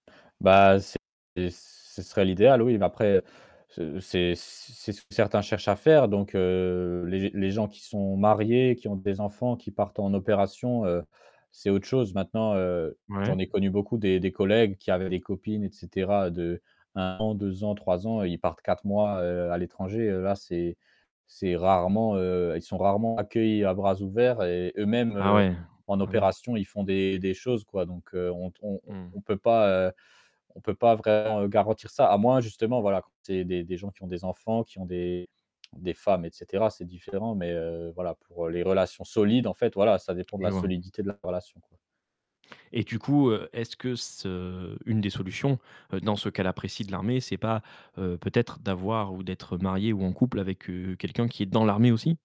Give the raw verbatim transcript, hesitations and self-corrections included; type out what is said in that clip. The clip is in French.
Bah, c'est ce serait l'idéal oui, mais après ce c c'est ce que certains cherchent à faire donc heu, les g les gens qui sont mariés, qui ont des enfants qui partent en opération, heu, c'est autre chose. Maintenant, heu, j'en Ouais. ai connu beaucoup des des collègues qui avaient des copines et cetera, d'un an, deux ans, trois ans, ils partent quatre mois, heu, à l'étranger, là c'est c'est rarement, heu, ils sont rarement accueillis à bras ouverts et eux-mêmes, Ah heu, ouais, en ah bien. opération, ils font des des choses, quoi, donc heu, on t on on Mmh. on peut pas, heu, on peut pas vraiment garantir ça. A moins justement, voilà, quand c'est des des gens qui ont des enfants, qui ont des des femmes et cetera, c'est différent mais, heu, voilà, pour les relations solides en fait, voilà ça dépend de Je la vois. solidité de la relation, quoi. Et du coup, heu, est-ce que ce une des solutions, dans ce qu'elle apprécie de l'armée, c'est pas, heu, peut-être d'avoir ou d'être marié ou en couple avec, heu, quelqu'un qui est dans l'armée aussi?